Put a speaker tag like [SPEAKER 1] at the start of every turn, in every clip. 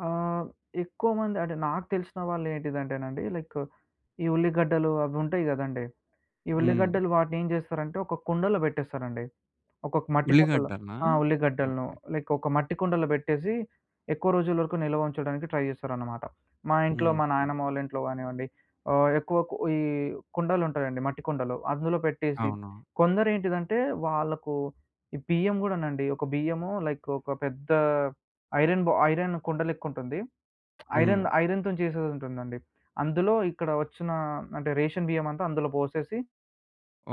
[SPEAKER 1] ఆ! హ్మ్. ఎక్కువ మంది అంటే, నాకు తెలిసిన వాళ్ళేంటిదంటేనండీ లైకు, ఈ ఉల్లిగడ్డలు అవుంటాయి గదండీ! ఈ
[SPEAKER 2] హ్మ్.
[SPEAKER 1] ఉల్లిగడ్డలు వాటినేం జేస్తారంటే, ఒక కుండలో బెట్టేస్తారండి. ఒకొక్క మట్టి కుండలో
[SPEAKER 2] ఉల్లిగడ్డలనా?
[SPEAKER 1] ఆ! ఉల్లిగడ్డలను.
[SPEAKER 2] ఓకే.
[SPEAKER 1] లైకొక మట్టి కుండలో బెట్టేసీ, ఎక్కువ రోజుల వరకు నిల్వ ఉంచడానికి ట్రై జేస్తారన్నమాట. మా ఇంట్లో, మా
[SPEAKER 2] హుహు.
[SPEAKER 1] నాయనమ్మ వాళ్ళింట్లో గానివ్వండి, ఆహ్, ఎక్కువ కు ఈ కుండలుంటాయండి, మట్టి కుండలు. అందులో పెట్టేసి
[SPEAKER 2] అవునా!
[SPEAKER 1] కొందరేంటిదంటే, వాళ్లకు ఈ బియ్యం గూడానండి, ఒక బియ్యము లైకు ఒక పెద్దా ఐరను బొ ఐరను కుండలెక్కుంటుంది.
[SPEAKER 2] హ్మ్.
[SPEAKER 1] ఐరన్ ఐరనుతొని జేసేదుంటుందండి. అందులో ఇక్కడ వచ్చినా అంటే, రేషను బియ్యమంతా అందులో బోసేసి...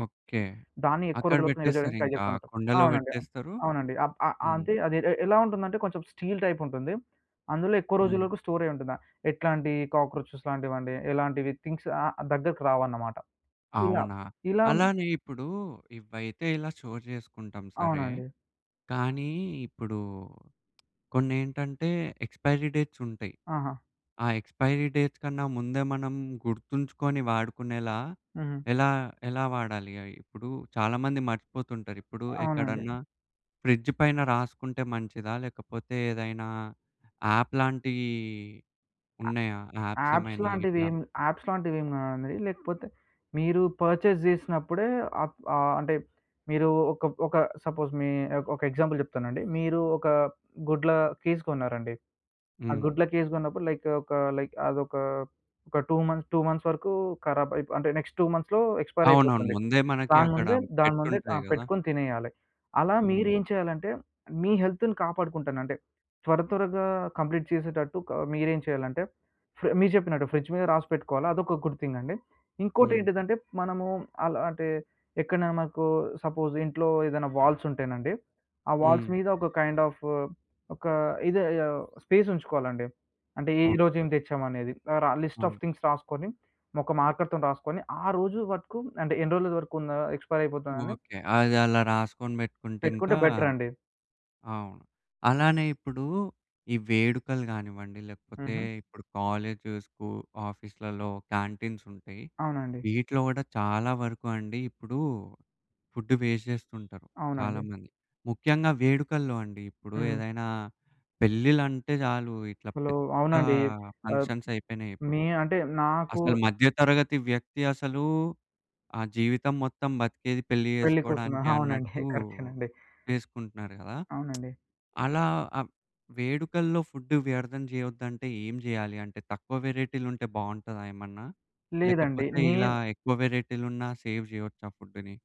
[SPEAKER 2] ఓకే.
[SPEAKER 1] దాన్ని ఎక్కువ
[SPEAKER 2] అక్కడ
[SPEAKER 1] రోజుల వరకు నిలవ జేయడానికి ట్రై
[SPEAKER 2] బెట్టేస్తారింకా
[SPEAKER 1] జేస్తాంమాట.
[SPEAKER 2] కుండలో
[SPEAKER 1] అవునండి.
[SPEAKER 2] బెట్టేస్తరు.
[SPEAKER 1] అవునండి. అప్ ఆహ్,
[SPEAKER 2] హ్మ్.
[SPEAKER 1] అంటే అది ఎ ఎలా ఉంటుందంటే, కొంచెం స్టీలు టైపుంటుంది, అందులో ఎక్కువ
[SPEAKER 2] హ్మ్.
[SPEAKER 1] రోజులకు స్టోరయ్యుంటుందా, ఎట్లాంటి కాక్రోచెస్ లాంటివండి, ఎలాంటివి థింగ్స్ ఆ దగ్గరకి రావన్నమాట. ఇలా.
[SPEAKER 2] అవునా!
[SPEAKER 1] ఇలాం
[SPEAKER 2] అలానే ఇప్పుడూ, ఇవైతే ఇలా షోర్ జేసుకుంటాం సరే.
[SPEAKER 1] అవునండి.
[SPEAKER 2] కానీ, ఇప్పుడూ కొన్నేంటంటే, ఎక్స్‌పైరి డేట్సుంటయి,
[SPEAKER 1] ఆహా!
[SPEAKER 2] ఆ ఎక్స్‌పైరి డేట్స్ కన్నా ముందే, మనం గుర్తుంచుకొని వాడుకునేలా,
[SPEAKER 1] హుహు.
[SPEAKER 2] ఎలా ఎలా వాడాలి అయ్యి? ఇప్పుడూ చాలామంది మర్చిపోతుంటారు, ఇప్పుడు
[SPEAKER 1] అవునండీ.
[SPEAKER 2] ఎక్కడన్నా, ఫ్రిడ్జు పైన రాసుకుంటే మంచిదా? లేకపోతే, ఏదైనా యాప్ లాంటియ్యి ఉన్నయా
[SPEAKER 1] యాప్స్
[SPEAKER 2] యాప్సేమైనా ఇట్లా?
[SPEAKER 1] లాంటివేం యాప్స్ లాంటివేం గాదండి, లేకపోతే, మీరు పర్చేజ్ జేసినప్పుడే, అప్ ఆహ్, అంటే, మీరూ ఒకబ్ ఒక సపోజ్ మీ ఒ ఒక ఎగ్జాంపుల్ జెప్తానండి. మీరూ ఒకా గుడ్ల కేస్ కొన్నారండి, ఆ
[SPEAKER 2] హ్మ్.
[SPEAKER 1] గుడ్ల కేస్ గొన్నప్పుడు, లైకు ఒక, లైక్ అదొకా, ఒక 2 మంత్ 2 మంత్స్ వరకూ కరాబైపో అంటే, నెక్స్ట్ 2 మంత్స్‌లో ఎక్స్‌పైర్
[SPEAKER 2] అవునవును.
[SPEAKER 1] అయిపోతుంది.
[SPEAKER 2] ముందే మనకి
[SPEAKER 1] దాని
[SPEAKER 2] అక్కడ
[SPEAKER 1] ముందే దాని ముందే
[SPEAKER 2] పెట్టుంటాయి
[SPEAKER 1] ఆహ్,
[SPEAKER 2] గదా!
[SPEAKER 1] పెట్టుకొని తినేయాలి. అలా
[SPEAKER 2] హ్మ్.
[SPEAKER 1] మీరేం చేయాలంటే, మీ హెల్తుని కాపాడుకుంటానంటే, త్వరత్వరగా కంప్లీట్ చేసేటట్టు క మీరేం చేయాలంటే, ఫ్రే మీరు చెప్పినట్టు ఫ్రిడ్జు మీద రాసిపెట్టుకోవాల, అదొక గుడ్ థింగండి.
[SPEAKER 2] హ్మ్.
[SPEAKER 1] ఇంకోటేంటిదంటే, మనమూ అలా అంటే, ఎక్కడ్నైనా మనకూ సపోజ్ ఇంట్లో, ఏదన్నా వాల్సుంటేనండీ, ఆ వాల్స్
[SPEAKER 2] హ్మ్.
[SPEAKER 1] మీద ఒక కైండ్ ఆఫు, ఒకా ఇదే, ఆహ్, స్పేసుంచుకోవాలండి. అంటే, ఈ
[SPEAKER 2] ఓకే.
[SPEAKER 1] రోజేం తెచ్చామనేది. ఆహ్, రా
[SPEAKER 2] ఆ!
[SPEAKER 1] లిస్ట్ ఆఫ్ థింగ్స్ రాసుకొని, ఒక మార్కర్‌తోని రాసుకొని, ఆ రోజు వరకు అంటే, ఎన్ని రోజుల వరకుందా ఎక్స్‌పైర్ అయిపోతుందని...
[SPEAKER 2] ఓకే. అదలా రాసుకొని బెట్టుకుంటే
[SPEAKER 1] పెట్టుకుంటే
[SPEAKER 2] ఇంకా
[SPEAKER 1] బెటరాండి.
[SPEAKER 2] అవును. అలానే ఇప్పుడూ, ఈ వేడుకలు గానివ్వండి లేకపోతే
[SPEAKER 1] హుహు.
[SPEAKER 2] ఇప్పుడు కాలేజు, స్కూ ఆఫీస్లల్లో క్యాంటీన్సుంటయి.
[SPEAKER 1] అవునండి.
[SPEAKER 2] వీటిలో గూడా చాలా వరకు అండి ఇప్పుడూ, ఫుడ్డు వేస్ట్ జేస్తుంటరు.
[SPEAKER 1] అవునండి.
[SPEAKER 2] చాలామంది. ముఖ్యంగా వేడుకల్లో అండి. ఇప్పుడు
[SPEAKER 1] హ్మ్.
[SPEAKER 2] ఏదైనా, పెళ్ళిల్లంటే చాలు ఇట్లా
[SPEAKER 1] అసలూ
[SPEAKER 2] పెద్దా
[SPEAKER 1] అవునండి. ఆహ్,
[SPEAKER 2] ఫంక్షన్సయిపోయినాయిప్పుడు.
[SPEAKER 1] మీ అంటే, నాకూ
[SPEAKER 2] అసలు మధ్యతరగతి వ్యక్తి అసలూ, ఆ జీవితం మొత్తం బతికేది, పెళ్లి
[SPEAKER 1] పెళ్లి కోసమే.
[SPEAKER 2] జేసుకోడానికే
[SPEAKER 1] అవునండి.
[SPEAKER 2] అన్నట్టూ
[SPEAKER 1] కరెక్టేనండి.
[SPEAKER 2] జేసుకుంటున్నారు గదా!
[SPEAKER 1] అవునండి.
[SPEAKER 2] అలా ఆ వేడుకల్లో ఫుడ్డు వ్యర్థం జేయొద్దంటే, ఏం జేయాలి? అంటే, తక్కువ వేరైటీలుంటే బావుంటాదా ఏమన్నా?
[SPEAKER 1] లేదండి.
[SPEAKER 2] లేకపోతే, ఇలా
[SPEAKER 1] నేన్
[SPEAKER 2] ఎక్కువ వేరైటీలున్నా సేవ్ జేయొచ్చా ఫుడ్డుని?